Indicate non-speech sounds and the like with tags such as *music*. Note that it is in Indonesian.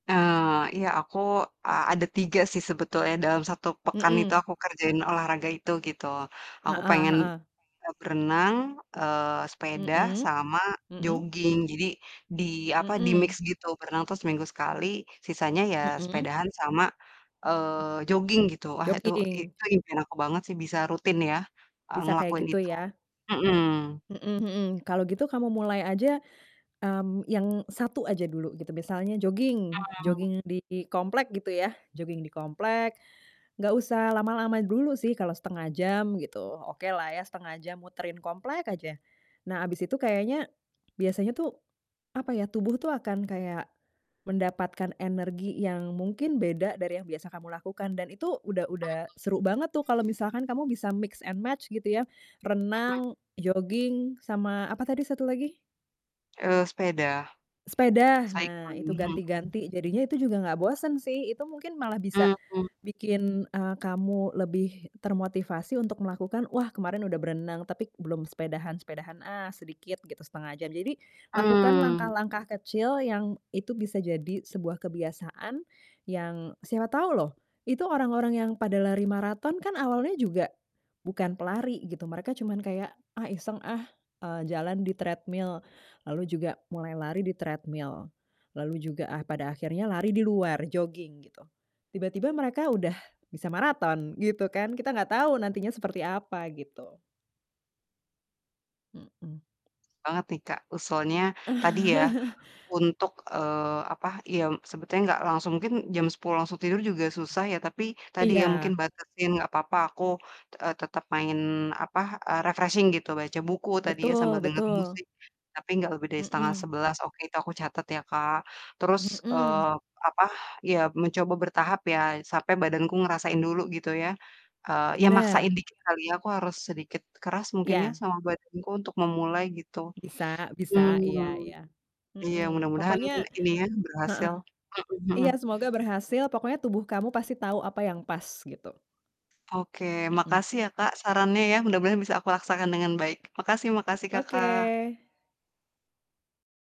Eee, iya aku, e ada 3 sih sebetulnya dalam 1 pekan itu Mhm. aku kerjain olahraga itu, gitu. Aku Heeh pengen, heeh. e berenang, eee, sepeda, Mhm sama mhm. joging. Jadi, di, apa, di-mix Mhm. gitu, berenang tuh seminggu sekali, sisanya ya Mhm. sepedaan sama, eee, joging, gitu. Wah itu, i Joging. itu impian aku banget sih bisa rutin ya, e Bisa kayak ngelakuin gitu itu. ya? Mhm. Mhm mhm. Kalau gitu kamu mulai aja, mmm, yang 1 aja dulu gitu. Misalnya, joging Mmm. joging di komplek gitu ya, joging di komplek, nggak usah lama-lama dulu sih, kalau 1/2 jam gitu, okelah ya 1/2 jam muterin komplek aja. Nah habis itu kayaknya, biasanya tuh, apa ya, tubuh tuh akan kayak mendapatkan energi yang mungkin beda dari yang biasa kamu lakukan, dan itu udah udah Bagus. seru banget tuh kalau misalkan kamu bisa mix and match, gitu ya, Mhm. renang, joging, sama apa tadi 1 lagi? Eee, sepeda. Sepeda, nah Cycle. itu Mhm. ganti-ganti. Jadinya itu juga nggak bosen sih, itu mungkin malah bisa Mmm. bikin, eee, kamu lebih termotivasi untuk melakukan, "Wah kemarin udah berenang tapi belum sepedahan, sepedahan ah sedikit gitu, 1/2 jam." Jadi, lakukan Mmm. langkah-langkah kecil yang itu bisa jadi sebuah kebiasaan yang siapa tahu loh, itu orang-orang yang pada lari maraton kan awalnya juga bukan pelari, gitu, Mereka cuman kayak, "Ah iseng ah, eee, jalan di treadmill." Lalu juga mulai lari di treadmill, lalu juga ah pada akhirnya lari di luar, joging, gitu. Tiba-tiba mereka udah bisa maraton gitu kan, kita nggak tahu nantinya seperti apa, gitu. Mhm. Banget nih Kak, usulnya tadi ya, *chuckles* untuk, eee, apa, yem sebetulnya nggak langsung, mungkin jam 10.00 langsung tidur juga susah ya, tapi tadi ya, mungkin Iya. batasin nggak apa-apa aku, e tetap main, apa, e refreshing gitu, baca buku tadi ya, Betul sambil dengarin betul. musik, tapi nggak lebih dari setengah Mhm. sebelas, oke, itu aku catat ya, Kak. Terus, Mhm. eee, apa, ya mencoba bertahap ya, sampai badanku ngerasain dulu gitu ya, eee, ya maksain Benar. dikit kali ya, aku harus sedikit keras mungkin ya Iya. sama badanku untuk memulai gitu. Bisa bisa, iya Mmm, iya, iya mhm. mudah-mudahan Pokoknya ini ya, berhasil, heeh, mhm iya mhm. semoga berhasil, pokoknya tubuh kamu pasti tahu apa yang pas, gitu. Oke, Mhm. makasih ya Kak, sarannya ya, mudah-mudahan bisa aku laksakan dengan baik, makasih makasih, Iy Kakak. Oke.